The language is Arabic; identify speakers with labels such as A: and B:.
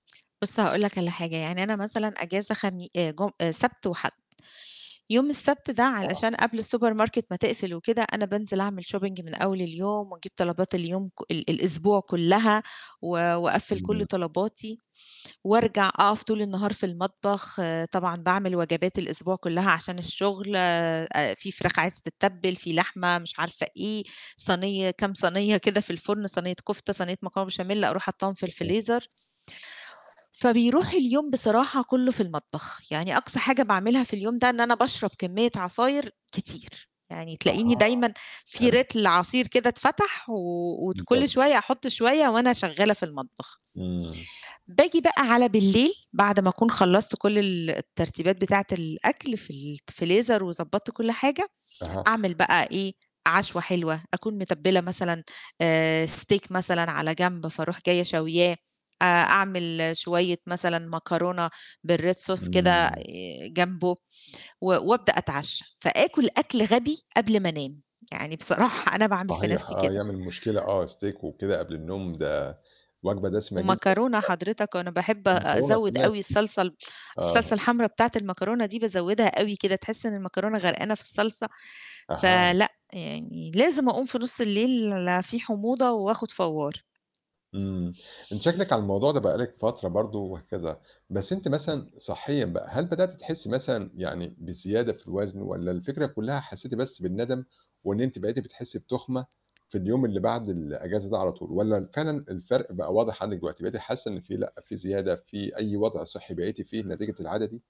A: بُص، هاقول لك على حاجة يعني أنا مثلًا أجازة خمي آآ جم آآ سبت وحَد. يوم السبت ده
B: آه.
A: علشان قبل الsupermarket ما تقفل وكده أنا بانزل أعمل shopping من أول اليوم وأجيب طلبات اليوم كُ ال الأسبوع كُلّها و وأَقفّل كُلّ
B: [unintelligible]
A: طلباتي وأرجع أقف طول النهار في المطبخ، آآ طبعًا باعمل وجبات الأسبوع كُلّها عشان الشغل ا في فراخ عايزة تتّبل، في لحمة، مش عارفة إيه، صني كام صنية كده في الفرن، صنية كفتة، صنية مكرونة بشاميل، أروح حاطّاهم في
B: تمام.
A: الفريزر. فبيروح اليوم بصراحة كُلّه في المطبخ. يعني أقصى حاجة باعملها في اليوم ده، إن أنا باشرب كمية عصاير كتير، يعني تلاقيني
B: أها،
A: دايمًا في
B: حلو.
A: لتر عصير كده اتفتح، وت كُلّ
B: بالضبط.
A: شوية أحط شوية وأنا شغّالة في المطبخ.
B: إمم.
A: باجي بقى على بالليل، بعد ما أكون خلّصت كُلّ ال الترتيبات بتاعة الأكل في ال ت فريزر وضبّطت كُلّ حاجة،
B: أها.
A: أعمل بقى إيه، عشوة حلوة، أكون متبّلة مثلًا آآ Steak مثلًا على جنب فاروح جاية شاوياه، أ أعمل شويّة مثلًا مكرونة بالRed Sauce كده آآ
B: إمم.
A: جنبه، و وأبدأ أتعشّى، فآكل أكل غبي قبل ما أنام، يعني بصراحة أنا باعمل في
B: صحيح،
A: نَفْسي
B: آه
A: كده.
B: يعمل مشكلة آه Steak وكده قبل النوم، ده وجبة دسمة جدًا فعلًا
A: ومكرونة حضرتك، وأنا باحب
B: والمكرونة
A: أزود
B: كمان.
A: أوي الصلصة ال الصلصة
B: آه.
A: الحمراء بتاعة المكرونة دي بازودها أوي كده، تحس إن المكرونة غرقانة في الصلصة،
B: أها.
A: فلأ يعني لازم أقوم في نُص الليل في حموضة وآخد فوار.
B: آمم أنتِ شكلِك على الموضوع ده بقى لِك فترة برضه وهكذا. بس أنتِ مثلًا صحيًا بقى هل بدأتِ تحسي مثلًا يعني بزيادة في الوزن، والّا الفكرة كُلّها حسيتِ بس بالندم وإن أنتِ بقيتِ بتحسي بتُخمة في اليوم اللي بعد الأجازة ده على طول، والّا فعلًا الفرق بقى واضح عَندِك دلوقتي بقيتِ حاسة إن في لأ في زيادة، في أي وضع صحي بقيتِ في نتيجة العادة دي؟